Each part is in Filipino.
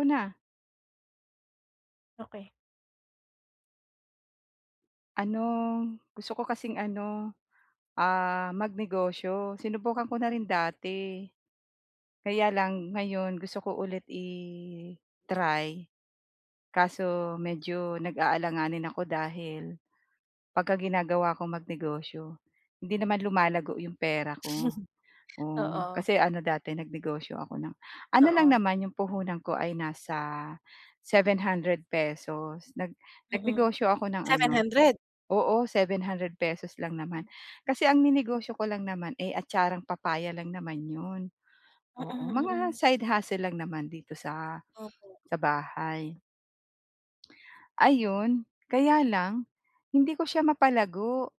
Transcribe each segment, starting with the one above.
'Ko na. Okey. Ano, gusto ko kasing ano, ah, magnegosyo. Sinubukan ko na rin dati, kaya lang ngayon gusto ko ulit i-try, kaso medyo nag-aalanganin ako dahil pagka ginagawa ko magnegosyo, hindi naman lumalago 'yong pera ko. Oh, Oo. kasi ano dati nagnegosyo ako ng ano lang Oo. naman 'yong puhunan ko ay nasa ₱700 pesos, nag Mm, nagnegosyo ako ng seven ano hundred? oo, ₱700 pesos lang naman. Hmm. Kasi ang ninegosyo ko lang naman, eh, atcharang papaya lang naman 'yon, oo. Mm, Mga mm. side hustle lang naman dito sa Opo. sa bahay. Ayun, kaya lang, hindi ko siya mapalago.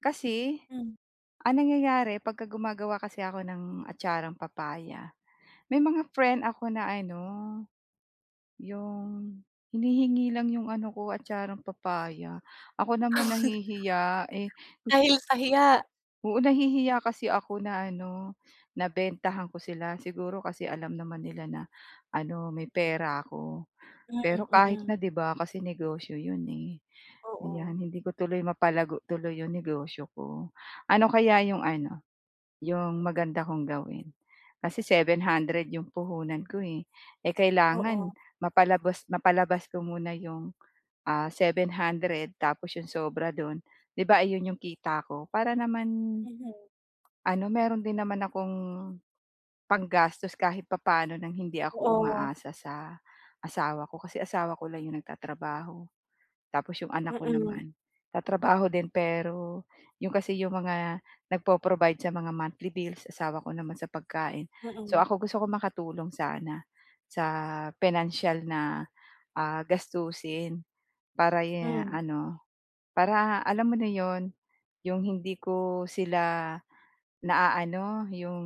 Kasi, Hmm. ang nangyayari pagka gumagawa kasi ako ng atcharang papaya, may mga friend ako na ano, yung hinihingi lang yung ano ko, atcharang papaya. Ako naman nahihiya, eh, gusto ko Dahil s sa hiya? Oo, nahihiya kasi ako na ano, na bentahan ko sila. Siguro kasi alam naman nila na ano, may pera ako. Hmm, Pero kahit na mm. 'di ba, kasi negosyo 'yon, eh. Oo. 'Yan, hindi ko tuloy mapalago tuloy 'yong negosyo ko. Ano kaya yung ano, yung maganda kong gawin kasi 700 yung puhunan ko, eh. Eh, kailangan Oo. mapalabas mapalabas ko muna yung, ah, 700, tapos 'yong sobra do'n, 'di ba ayon yung kita ko? Para naman Mhm. ano, meron din naman akong panggastos kahit papaano ng hindi ako Oo. umaasa sa asawa ko. Kasi asawa ko lang yung nagtatrabaho, tapos yung anak ko Mm. naman, tatrabaho din pero yung kasi yung mga nagpo-provide sa mga monthly bills, asawa ko naman sa pagkain. So, Mm. ako gusto kong makatulong sana sa pinansiyal na, ah, gastusin para ye Hmm. ano, para alam mo na 'yon, yung hindi ko sila naaano, yung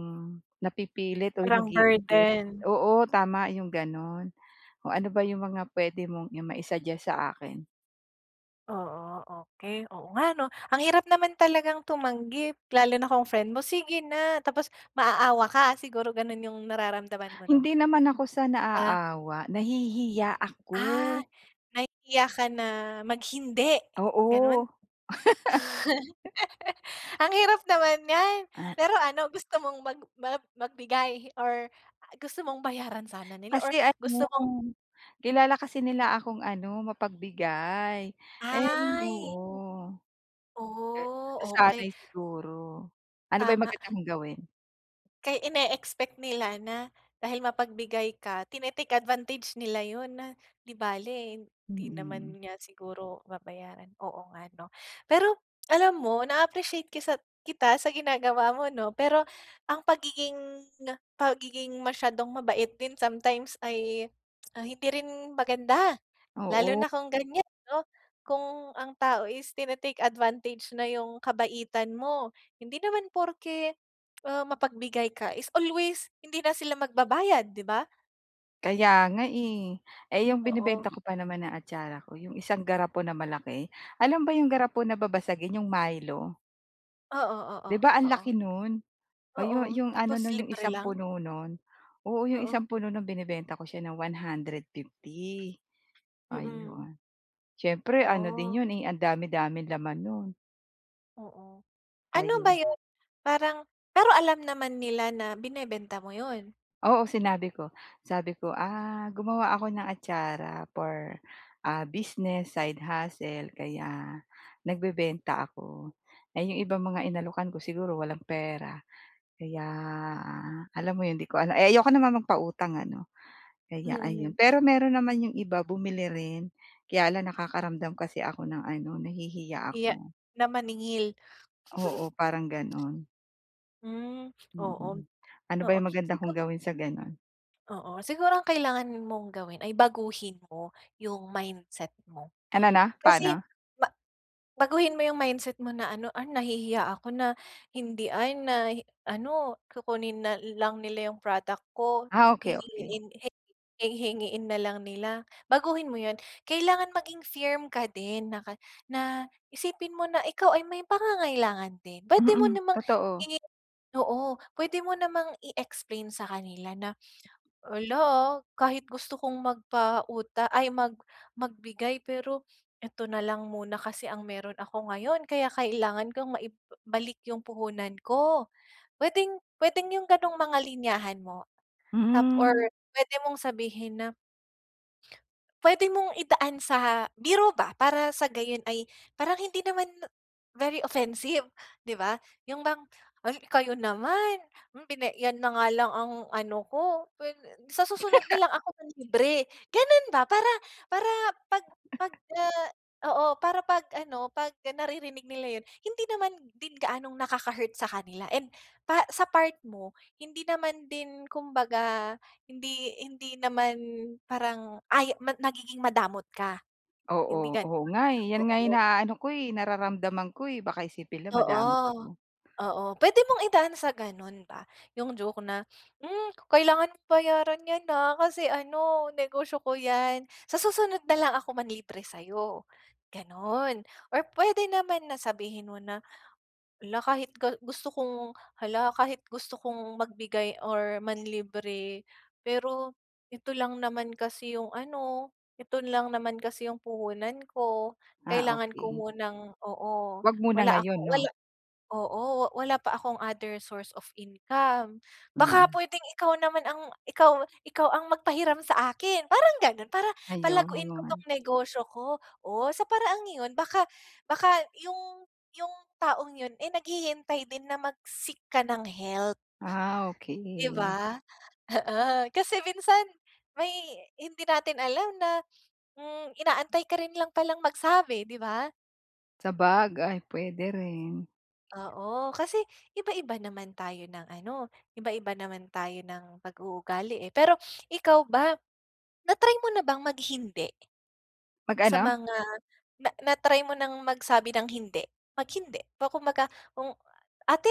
napipilit or Parang nagigipit. burden. Oo, tama, yung gano'n. Oh, ano ba 'yong mga puwede mong i ma-i-suggest sa akin? Oo, okay. Oo nga 'no? Ang hirap naman talagang tumanggi, lalo na kung friend mo, "Sige na." Tapos, maaawa ka, siguro gano'n 'yong nararamdaman mo 'no? Hindi naman ako sa Ah. naaawa, nahihiya Ah! ako! Nahihiya ka na mag-hindi, gano'n? Oo. Ang hirap naman niyan! Ah Pero ano, gusto mong mag ma magbigay? Or a gusto mong bayaran sana nila or Kasi ano, gusto mong kilala kasi nila akong ano, mapagbigay, eh, Ay! oo. Oh, okay! Nasanay, siguro. Ano ba 'yong Tama. magandang kong gawin? Kaya ine-expect nila na dahil mapagbigay ka tine-take advantage nila 'yon na, 'di bale, hindi naman Mm. niya siguro babayaran, oo nga, 'no. Pero, alam mo na-appreciate kisat kita sa ginagawa mo, 'no. Pero, ang pagiging, pagiging masyadong mabait din sometimes, ay, ah, hindi rin maganda. Lalo Oo. na kung ganyan, 'no, kung ang tao is tini-take advantage na 'yong kabaitan mo. Hindi naman porke, ah, mapagbigay ka is always hindi na sila magbabayad, 'di ba? Kaya nga, eh. Eh, yung Oo. binebenta ko pa naman na atsara ko yung isang garapon na malaki. Alam ba yung garapon na babasagin yung Milo? Oo, oo, 'Di ba, ang laki oo. no'n? Oh, yung, Oo. yung ano Tapos, no'n yung libre 1 lang? puno no'n. Oo, yung Oo. 1 puno no'n binebenta ko siya ng 150, Mhm. ayun, siyempre ano din Oh! 'yon, eh, ang dami-daming laman no'n. Oo. Ano Kaya ba 'yon parang pero alam naman nila na binebenta mo 'yon? Oo, sinabi ko. Sabi ko, "ah, gumawa ako ng atsara for, ah, business, side hustle kaya nagbebenta ako. Eh, yung ibang mga inalokan ko siguro walang pera kaya alam mo 'yon 'di ko alam eh ayoko naman magpautang ano, kaya ayun. Mm. Pero mayro'n naman yung iba bumili rin kaya lang nakakaramdam kasi ako ng ano nahihiya Hiya ako. na maningil. Oo, parang gano'n. Hmm. Oo, Mm, ano ba oo yung maganda feel kong ko. gawin sa gano'n? Oo, siguro ang kailangan mong gawin ay baguhin mo yung mindset mo Ano 'no, kasi paano? ma baguhin mo yung mindset mo na ano, "ah nahihiya ako na hindi, ay na ano kukunin na lang nila yung product ko, Ah, okey, okey. hihingi hi hingiin nalang nila." Baguhin mo 'yon. Kailangan maging firm ka din naka na isipin mo na ikaw ay may pangangailangan din puwede mo Mm, namang totoo. hingiin, oo puwede mo namang i-explain sa kanila na, "ala, ah kahit gusto kong magpauta ay mag magbigay pero ito nalang muna kasi ang mayro'n ako ngayon kaya kailangan kong maibalik yung puhunan ko." Puwedeng puwedeng yung ganong mga linyahan mo tap or Mhm. puwede mong sabihin na puwede mong idaan sa biro ba! Para sa gayon ay parang hindi naman very offensive di ba? Yung bang, "ay kayo naman! Pina yan na nga lang ang ano ko [unintelligible] sa susunod na lang ako manlibre," gano'n ba? Para para pag pagka oo, para 'pag ano pag naririnig nila yo'n, hindi naman din gaanong nakaka-hurt sa kanila and pa sa part mo hindi naman din kumbaga hindi hindi naman parang ay, nagiging madamot ka, hindi Oo. Oo gano'n, nga, eh, 'yan nga oo. inaano ko, eh, nararamdaman ko, eh, baka isipin nila madamot Oo, ako. oo puwede mong idaan sa gano'n ba yung joke na, "hmm kailangan bayaran yan, ha, kasi ano negosyo ko yan, sa susunod na lang ako manlibre sayo," ganon. Or puwede naman na sabihin mo na, "hala kahit ga gusto kong hala kahit gusto kong magbigay or manlibre pero ito lang naman kasi yung ano, ito lang naman kasi yung puhunan ko, Ah, kailangan ko okey. munang oo Wag muna wala ngayon akong wala 'no? oo wala pa akong other source of income baka Mm. puwedeng ikaw naman ang ika ikaw ang mag pahiram sa akin," parang ganon. "Para palaguin ko Ayun. tong negosyo ko." Oh, sa paraang 'yon baka baka yung yung taong yon, eh, naghihintay din na mag seek ka ng help. Ah, Di okey. ba? Oo, kasi minsan may hindi natin alam na, hmm inaantay ka rin lang palang magsabi di ba? Sabagay, pwede rin. Oo. Kasi iba-iba naman tayo ng ano, iba-iba naman tayo ng pag-uugali eh. Pero ikaw ba, na-try mo na bang mag hindi? Mag Sa ano? mga na na-try mo ng magsabi ng hindi? Mag hindi. Ba kumbaga, kung “Ate,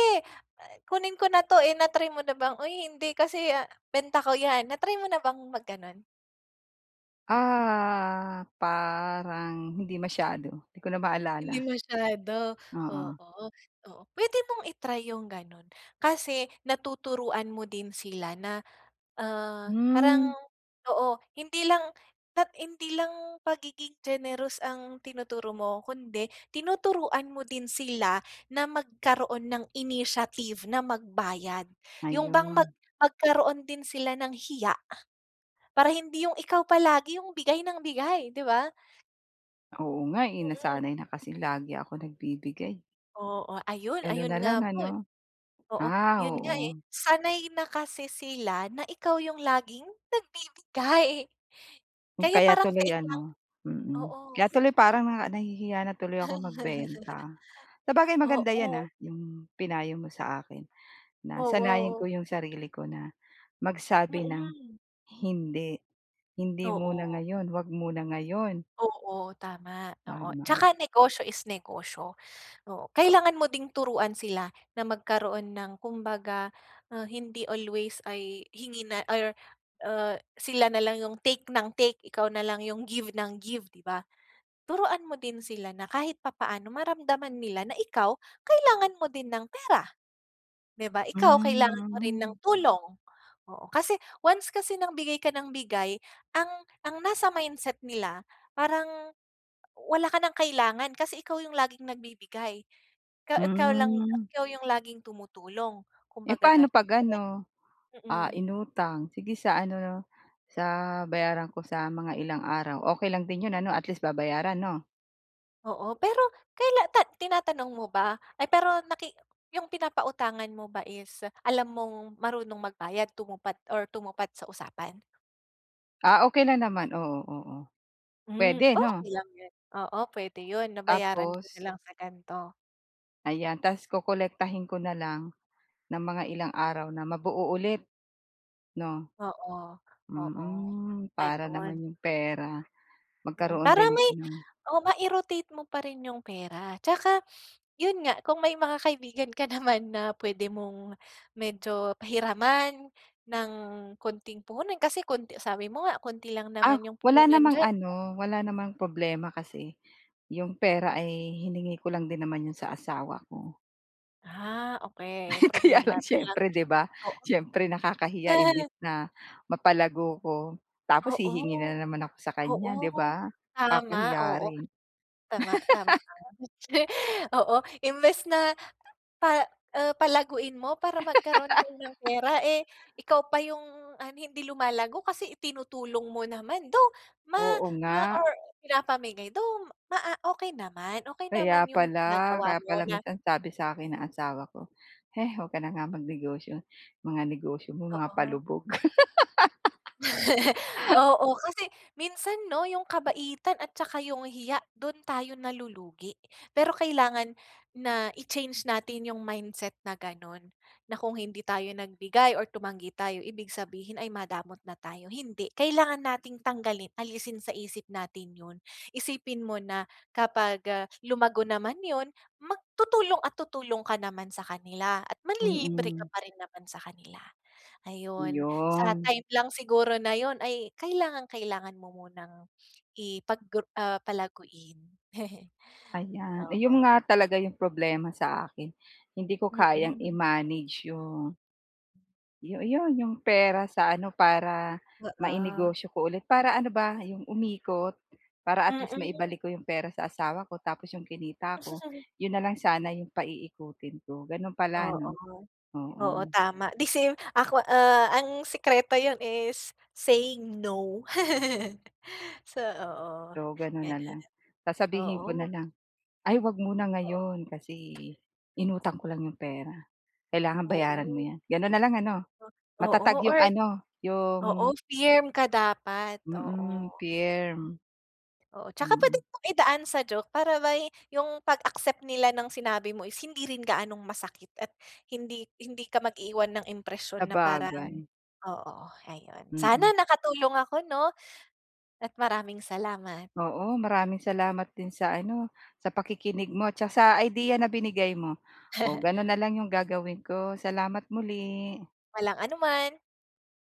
kunin ko na ‘to.” Eh, na-try mo na bang, “Uy, hindi kasi benta ko ‘yan.” Na-try mo na bang mag gano'n? Ah, parang hindi masyado? 'Di ko na Hindi maalala. masyado? Oo. Oo, oo. Pwede mong i-try yung ganun. Kasi natuturuan mo din sila na, ah, Hmm. parang oo. Hindi lang at hindi lang pagiging generous ang tinuturo mo kundi tinuturuan mo din sila na magkaroon ng initiative na magbayad. Yun bang mag Ayun. magkaroon din sila ng hiya, para hindi yung ikaw palagi yung bigay ng bigay, 'di ba. Oo nga eh, Mm. nasanay na kasi lagi ako nagbibigay. Oo, ayon Gano'n ayon, na lang nga po eh ano? oo, Ah, yon nga eh. oo. Sanay na kasi sila na ikaw yung laging nagbibigay Hmm kaya kaya parang tuloy take lang ano mm, kaya oo. tuloy parang, ah, nahihiya na tuloy akong magbenta. Sabagay, maganda 'yan Oo. ah, 'yong pinayo mo sa akin, na sanayin ko Oo. 'yong sarili ko na magsabi ng Mm. "Hindi, hindi muna Oo. ngayon, huwag muna ngayon." Oo, tama, oo. Tama. Tsaka negosyo is negosyo, oo. Kailangan mo ding turuan sila na magkaroon ng kumbaga, ah, hindi always ay hingi na or, ah, sila nalang yung take nang take, ikaw nalang yung give nang give, di ba? Turuan mo din sila na kahit papaano maramdaman nila na ikaw kailangan mo din ng pera, 'di ba? Ikaw kailangan mo rin ng Hmm. tulong. Oo, kasi once kasi ng bigay ka nang bigay, ang ang nasa mindset nila, parang wala ka ng kailangan, kasi ikaw yung laging nagbibigay. Kaw kaw lang yu Hmm. ikaw yung laging tumutulong, Eh, kumbaga, paano gano'n. 'pag Kaya ano, ah, mm. inutang? "Sige sa ano 'no, sa bayaran ko sa mga ilang araw?" Okey lang din 'yon ano at least babayaran 'no? Oo, pero kaila ta tinatanong mo ba? Ay, pero naki yung pinapautangan mo ba is alam mong marunong magbayad, tumupat or tumupad sa usapan? Ah, okey na naman, oo, oo. Hmm, Puwede 'no? okey lang 'yon. Oo, pwede 'yon na, "Bayaran ko Tapos? na lang sa gan'to." Ayan. Tapos kokolektahin ko na lang ng mga ilang araw na mabuo ulit, 'no? Oo, oo. Mm, para Ayun. naman yung pera Mm, magkaroon para din may ng oh, mai-rotate mo pa rin yung pera tsaka 'yon nga, kung may mga kaibigan ka naman na pwede mong medyo pahiraman ng konting puhunan kasi konti sabi mo nga, konti lang Ah, naman yung wala puhunan namang diyan, 'di ba? ano, wala namang problema kasi yung pera ay hiningi ko lang din naman 'yon sa asawa ko. Ah, okey. Kaya Problema lang mo lang, siyempre, 'di ba, oo. siyempre nakakahiya. Imbes na mapalago ko tapos Oo, hihingi na naman ako sa kanya, 'di oo. ba? Tama, Kakahiya oo. rin. Tama, tama ka nga. Actually, oo. Imbes na pa uh, palaguin mo para magkaroon kayo ng pera, eh, ikaw pa yung ano, hindi lumalago kasi itinutulong mo naman. Though ma Oo ma nga. or pinapamigay. Though maa okey naman. Okey Kaya naman yung pala. ginagawa Kaya mo pala na minsan sabi sa akin ng asawa ko, "Heh 'wag ka na nga mag-negosyo, mga negosyo mo mga Oo. palubog." Oo, kasi minsan 'no, yung kabaitan at tsaka yung hiya, do'n tayo nalulugi. Pero kailangan na i-change natin yung mindset na gano'n. Na kung hindi tayo nagbigay or tumanggi tayo, ibig sabihin ay madamot na tayo, hindi. Kailangan nating tanggalin, alisin sa isip natin 'yon. Isipin mo na kapag, ah, lumago naman 'yon, mag tutulong at tutulong ka naman sa kanila at manlilibre ka Mm. pa rin naman sa kanila. Ayon. Sa 'Yon. time lang siguro na 'yon ay kailangang-kailangan mo munang ipag ah, palaguin. Ayan. Oo. Ayun nga talaga 'yong problema sa akin. Hindi ko kayang Mm. i-manage yung Yo 'yon 'yong pera sa ano, para Oo. mainegosyo ko ulit para ano ba, yung umikot para at least Mm. maibalik ko 'yong pera sa asawa ko tapos 'yong kinita ko, 'yon na lang sana 'yong paiikutin ko, gano'n pala 'no? Oo. Oo, Oo. tama, the same, ako, ah, ang sikreto 'yon is saying, "No". So, oo So, gano'n na gano'n. lang. Sasabihin ko na Oo. lang "Ay huwag muna Oo. ngayon kasi inutang ko lang 'yong pera." Kailangan bayaran mo Oo. 'yan gano'n na lang ano, Oo matatag 'yong or ano, oo, 'yong firm ka dapat, oo. Mm, firm. Oo, tsaka puwede Mm. mo din idaan sa joke para ba'y 'yong pag-accept nila ng sinabi mo is hindi rin gaanong masakit at hindi hindi ka mag iiwan ng impresiyon na parang Sabagay. oo ayun. Mm. Sana nakatulong ako 'no. At maraming salamat. Oo, maraming salamat din sa ano, sa pakikinig mo at tsa sa idea na binigay mo. O, gano'n na lang 'yong gagawin ko, salamat muli. Walang anuman.